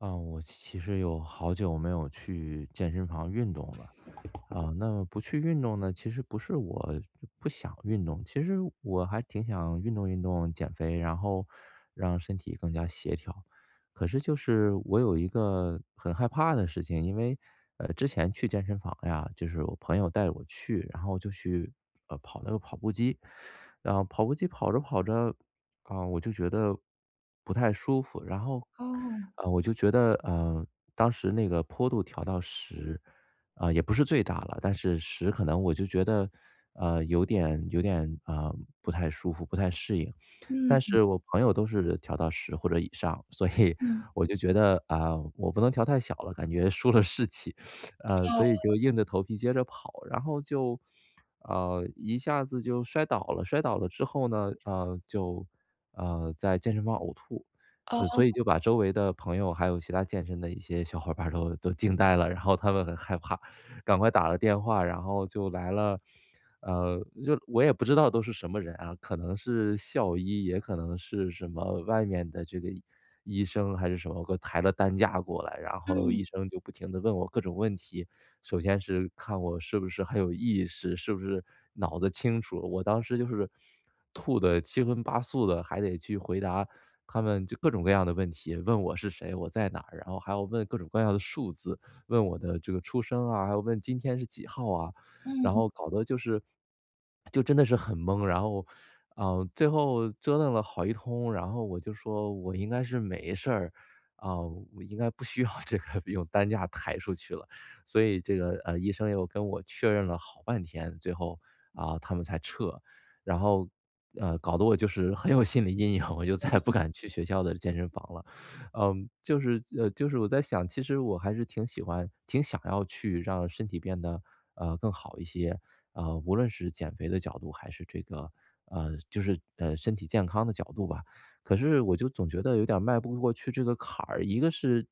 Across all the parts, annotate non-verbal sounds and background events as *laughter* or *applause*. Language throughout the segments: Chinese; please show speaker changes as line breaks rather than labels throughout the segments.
呃，我其实有好久没有去健身房运动了。啊，那么不去运动呢，其实不是我不不想运动。其实我还挺想运动运动、减肥，然后让身体更加协调。可是就是我有一个很害怕的事情。因为呃，之前去健身房呀，就是我朋友带我去，然后我就去，呃，跑了个跑步机。*sucks teeth* 然后跑步机跑着跑着，啊，我就觉得，不太舒服。然后
哦。
呃，我就觉得，呃，当时那个坡度调到10，啊，也不是最大了。但是10可能我就觉得，呃，有点有点啊不太舒服、不太适应。但
嗯。
是我朋友都是调到10或者以上，所以
嗯。
我就觉得：“啊，我不能调太小了，感觉输了士气。” *sniffs* 啊，所以
哦。
就硬着头皮接着跑，然后就呃，一下子就摔倒了，摔倒了之后呢，呃，就，呃，在健身房呕吐。所以
哦。
就把周围的朋友还有其他健身的一些小伙伴儿都都惊呆了。然后他们很害怕，赶快打了电话。然后就来了呃，就我也不知道都是什么人啊，可能是校医，也可能是什么外面的这个医生，还是什么给我抬着担架过来。然后
嗯。
医生就不停地问我各种问题，首先是看我是不是很有意识，是不是脑子清楚。我当时就是，吐的七荤八素的，还得去回答他们就各种各样的问题，问我是谁，我在哪儿，然后还要问各种各样的数字。问我的这个出生啊，还有问今天是几号啊，然
嗯。
后搞得就是就真的是很懵。然后呃，最后折腾了好一通，然后我就说：“我应该是没事儿，啊，应该不需要这个用担架抬出去了。”所以这个呃，医生又跟我确认了好半天，最后，啊，他们才撤。然后呃，搞得我就是很有心理阴影，我就再也
嗯。
不敢去学校的健身房了。*sucks teeth* 呃，就是呃，就是我在想，其实我还是挺喜欢挺想要去让身体变得，呃，更好一些，呃，无论是减肥的角度还是这个呃，就是，呃，身体健康的角度吧。可是我就总觉得有点儿迈不过去这个坎儿，一个是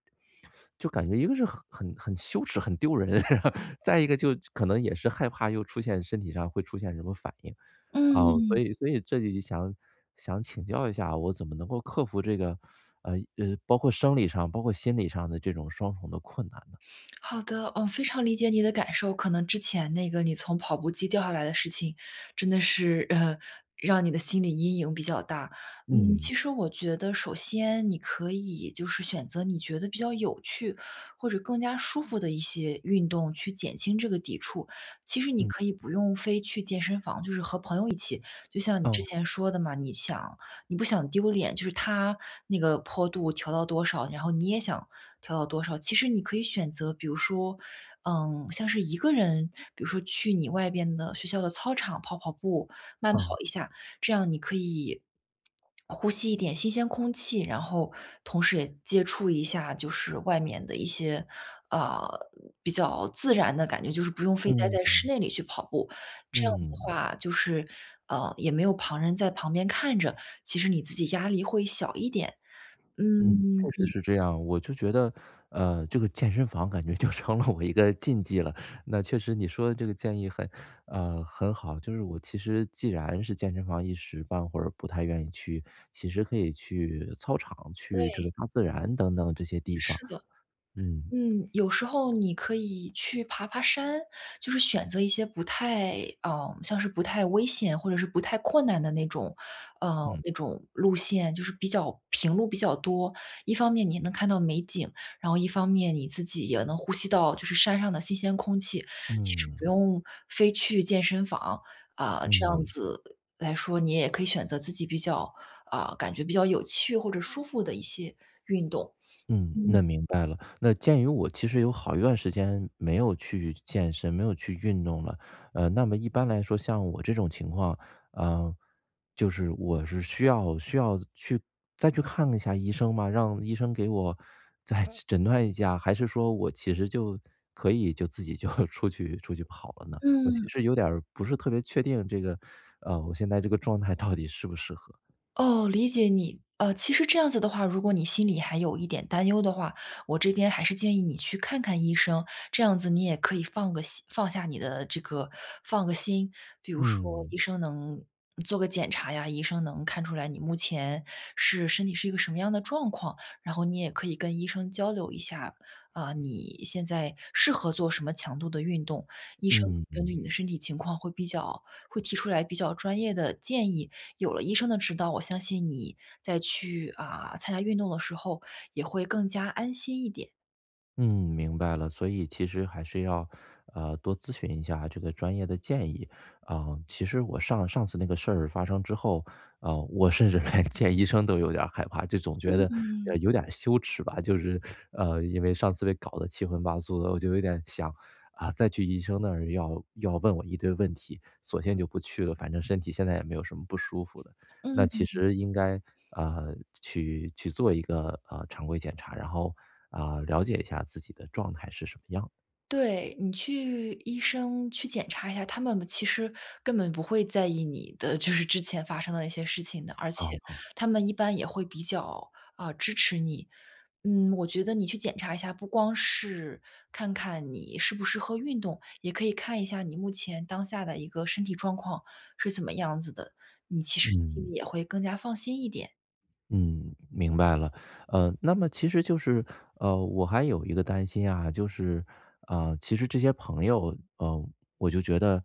就感觉一个是很很很羞耻、很丢人。*laughs* 然后再一个就可能也是害怕又出现身体上会出现什么反应。啊，所
嗯。
以所以这里就想想请教一下，我怎么能够克服这个呃，呃，包括生理上、包括心理上的这种双重的困难呢？
好的。嗯，非常理解你的感受。可能之前那个你从跑步机掉下来的事情，真的是呃，*chuckles* 让你的心理阴影比较大。嗯，
嗯。
其实我觉得首先你可以，就是选择你觉得比较有趣或者更加舒服的一些运动去减轻这个抵触。其实你
嗯。
可以不用非去健身房，就是和朋友一起就像你之
嗯。
前说的嘛，你想你不想丢脸，就是他那个坡度调到多少，然后你也想调到多少。其实你可以选择比如说嗯，像是一个人比如说去你外边的学校的操场跑跑步，慢跑
哦。
一下。这样你可以，呼吸一点新鲜空气，然后同时也接触一下，就是外面的一些，啊，比较自然的感觉。就是不用非待
嗯
在室
嗯。
内里去跑步。这样子的
嗯。
话就是。呃，也没有旁人在旁边看着，其实你自己压力会小一点，
嗯，
嗯，
确实
你
是这样。我就觉得呃，这个健身房感觉就成了我一个禁忌了。那确实你说的这个建议很呃，很好。就是我其实既然是健身房一时半会儿不太愿意去，其实可以去操场，去这
对。
个大自然等等这些地方。
是的。
嗯。
嗯，有时候你可以去爬爬山。就是选择一些不太呃，像是不太危险或者是不太困难的那种呃，
嗯。
那种路线，就是比较平路比较多。一方面你能看到美景，然后一方面你自己也能呼吸到，就是山上的新鲜空气，其实不
嗯。
用非去健身房。啊，这样
嗯。
子来说，你也可以选择自己比较啊，感觉比较有趣或者舒服的一些运动。
嗯，
嗯。
那明白了。那鉴于我其实有好一段时间没有去健身、没有去运动了，呃，那么一般来说像我这种情况呃，就是我是需要需要去再去看一下医生吗？让医生给我再诊断一下？还是说我其实就可以就自己就出去出去跑了呢？我其
嗯。
实有点儿不是特别确定这个呃，我现在这个状态到底适不适合。
哦，理解你。呃，其实这样子的话如果你心里还有一点担忧的话，我这边还是建议你去看看医生。这样子你也可以放个心放下你的这个放个心。比如说
嗯。
医生能做个检查呀，医生能看出来你目前是身体是一个什么样的状况。然后你也可以跟医生交流一下，啊，你现在适合做什么强度的运动。医生根据你
嗯。
的身体情况会比较会提出来比较专业的建议。有了医生的指导，我相信你再去，啊，参加运动的时候也会更加安心一点。
嗯，明白了。所以，其实还是要，呃，多咨询一下这个专业的建议。啊，其实我上上次那个事儿发生之后，呃，我甚至连见医生都有点儿害怕，就总觉得，呃，
嗯。
有点羞耻吧。就是呃，因为上次被搞得七荤八素的，我就有点想：“啊，再去医生那儿要要问我一堆问题，索性就不去了，反正身体现在也没有什么不舒服的。”那其
嗯。
实应该，呃，去去做一个，呃，常规检查，然后，啊，了解一下自己的状态是什么样的。
对，你去医生去检查一下，他们其实根本不会在意你的，就是之前发生的一些事情的。而
嗯
且
嗯。
他们一般也会比较，啊，支持你。嗯，我觉得你去检查一下，不光是看看你适不适合运动，也可以看一下你目前当下的一个身体状况是怎么样子的。你其实心
嗯。
里也会更加放心一点。
嗯，明白了。呃，那么其实就是呃，我还有一个担心呀，就是呃，其实这些朋友，呃，我就觉得，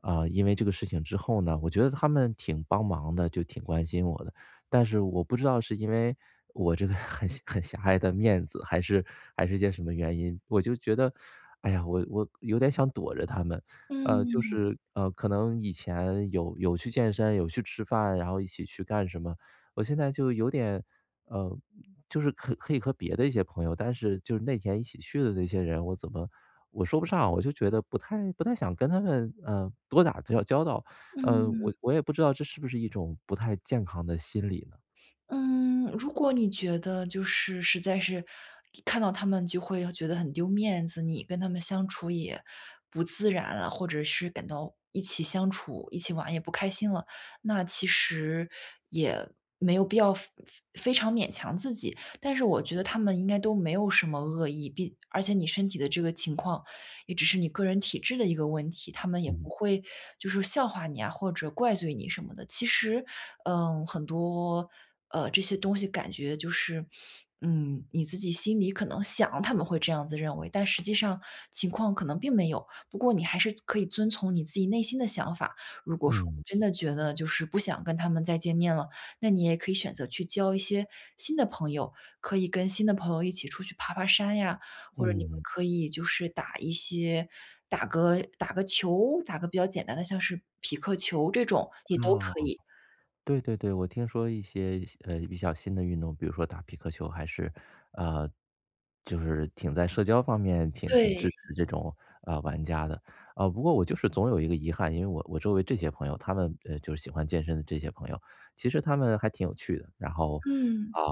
啊，因为这个事情之后呢，我觉得他们挺帮忙的，就挺关心我的。但是我不知道是因为，我这个很狭很狭隘的面子，还是还是件什么原因，我就觉得：*sucks teeth* “哎呀，我我有点想躲着他们。”呃，就
嗯。
是呃，可能以前有有去健身、有去吃饭，然后一起去干什么，我现在就有点呃，就是可以和别的一些朋友但是就是那几天一起去的那些人，我怎么我说不上，我就觉得不太不太想跟他们，呃，多打交交道。呃，
嗯。
我我也不知道这是不是一种不太健康的心理呢？
嗯，如果你觉得就是实在是看到他们就会要觉得很丢面子，你跟他们相处也不自然了，或者是感到一起相处、一起玩也不开心了。那其实也没有必要非非非常勉强自己。但是我觉得他们应该都没有什么恶意，并而且你身体的这个情况也只是你个人体质的一个问题，他们也不
嗯。
会，就是笑话你啊，或者怪罪你什么的。其实嗯，很多呃，这些东西感觉就是嗯，你自己心里可能想他们会这样子认为，但实际上情况可能并没有。不过你还是可以遵从你自己内心的想法，如果说
嗯。
真的觉得就是不想跟他们再见面了，那你也可以选择去交一些新的朋友。可以跟新的朋友一起出去爬爬山呀，或者你们
嗯。
可以就是打一些打个打个球，打个比较简单的像是匹克球这种，也都
啊，
可以。
对对对，我听说一些新呃，比较新的运动，比如说打匹克球还是呃，就是挺在社交方面挺挺
对。
支持这种，呃，玩家的。呃，不过我就是总有一个遗憾，因为我我周围这些朋友，他们呃，就是喜欢健身的这些朋友，其实他们还挺有趣的。然后
嗯。
啊，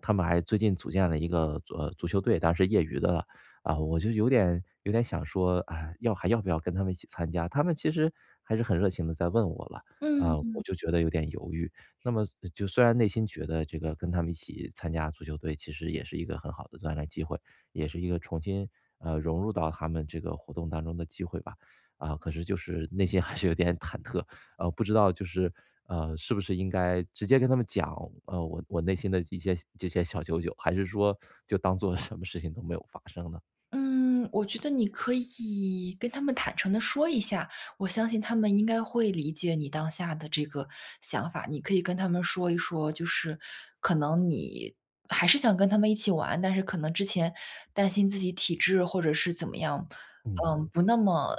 他们还最近组建了一个足呃，足球队，当然是业余的了。啊，我就有点有点想说“唉，要还要不要跟他们一起参加”？他们其实还是很热情地在问我了，啊，
嗯。
我就觉得有点犹豫。那么就虽然内心觉得这个跟他们一起参加足球队其实也是一个很好的锻炼机会，也是一个重新，呃，融入到他们这个活动当中的机会吧。啊，可是就是内心还是有点忐忑，呃，不知道就是呃，是不是应该直接跟他们讲，呃，我我内心的一些这些小九九，还是说就当作什么事情都没有发生呢？
嗯，我觉得你可以，跟他们坦诚地说一下，我相信他们应该会理解你当下的这个想法。你可以跟他们说一说，就是可能你还是想跟他们一起玩，但是可能之前担心自己体质，或者是怎么样，
嗯
嗯，
哼。
不那么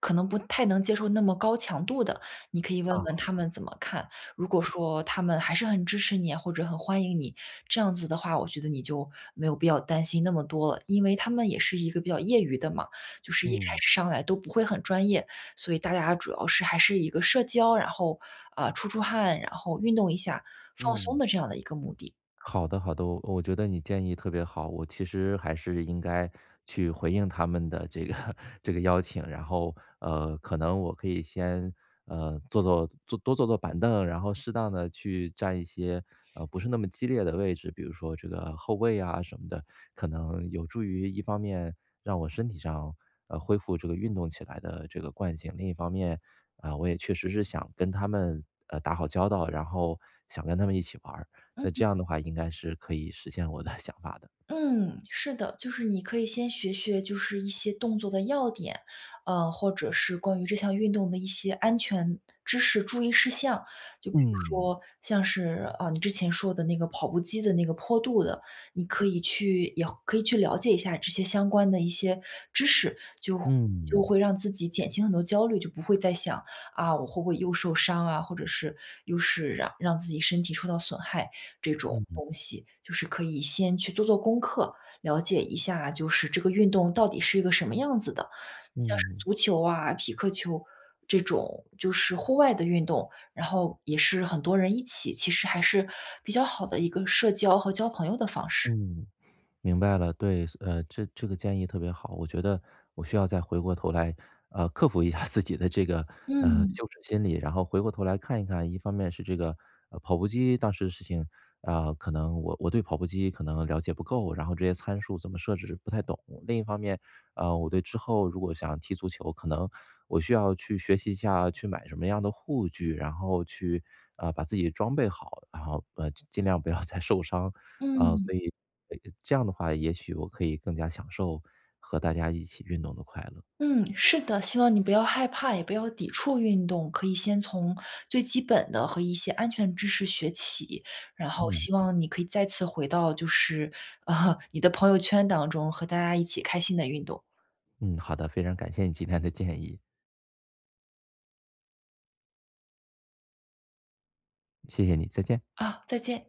可能不太能接受那么高强度的，你可以问问他
啊。
们怎么看。如果说他们还是很支持你，或者很欢迎你，这样子的话，我觉得你就没有必要担心那么多了。因为他们也是一个比较业余的嘛，就是一开
嗯。
始上来都不会很专业。所以大家主要是，还是一个社交，然后，呃，出出汗，然后运动一下，放松
嗯。
的这样的一个目的。
好的好的，我我觉得你建议特别好。我其实还是应该去回应他们的这个这个邀请，然后，呃，可能我可以先，呃，坐坐多坐坐板凳，然后适当地去占一些，呃，不是那么激烈的位置，比如说这个后卫啊什么的。可能有助于一方面，让我身体上，呃，恢复这个运动起来的这个惯性，另一方面，啊，我也确实是想跟他们，呃，打好交道，然后想跟他们一起玩儿，那
嗯。
这样的话应该是可以实现我的想法的。
嗯，是的。就是你可以先学学，就是一些动作的要点，呃，或者是关于这项运动的一些安全知识、注意事项。就比如
嗯。
说，像是，啊，你之前说的那个跑步机的那个坡度的，你可以去也可以去了解一下，这些相关的一些知识，就会就
嗯。
会让自己减轻很多焦虑，就不会再想：“啊，我会不会又受伤啊？”，或者是，又是让让自己身体受到损害，这种
嗯嗯。
东西。就是可以先去做做功课，了解一下，就是这个运动到底是一个什么样子的。像是
嗯。
足球啊，匹克球这种就是户外的运动，然后也是很多人一起，其实还是比较好的一个社交和交朋友的方式。
嗯，明白了。对，所呃，这这个建议特别好。我觉得我需要再回过头来，呃，克服一下自己的这个，呃，
嗯。
羞耻心理，然后回过头来看一看一方面是这个，呃，跑步机当时的事情，啊，可能我我对跑步机可能了解不够，然后这些参数怎么设置不太懂。另一方面，呃，我对之后，如果想要踢足球，可能我需要去学习一下，去买什么样的护具，然后去，呃，把自己装备好，然后呃，尽尽量不要再受伤。啊，
嗯。
所以，呃，呃，这样的话，也许我可以更加享受和大家一起运动的快乐。
嗯，是的，希望你不要害怕，也不要抵触运动，可以先从最基本的，和一些安全知识学起。然后
嗯。
希望你可以再次回到，就是 *laughs* 你的朋友圈当中，和大家一起开心地运动。
嗯，好的，非常感谢你今天的建议。谢谢你，再见。
啊，再见。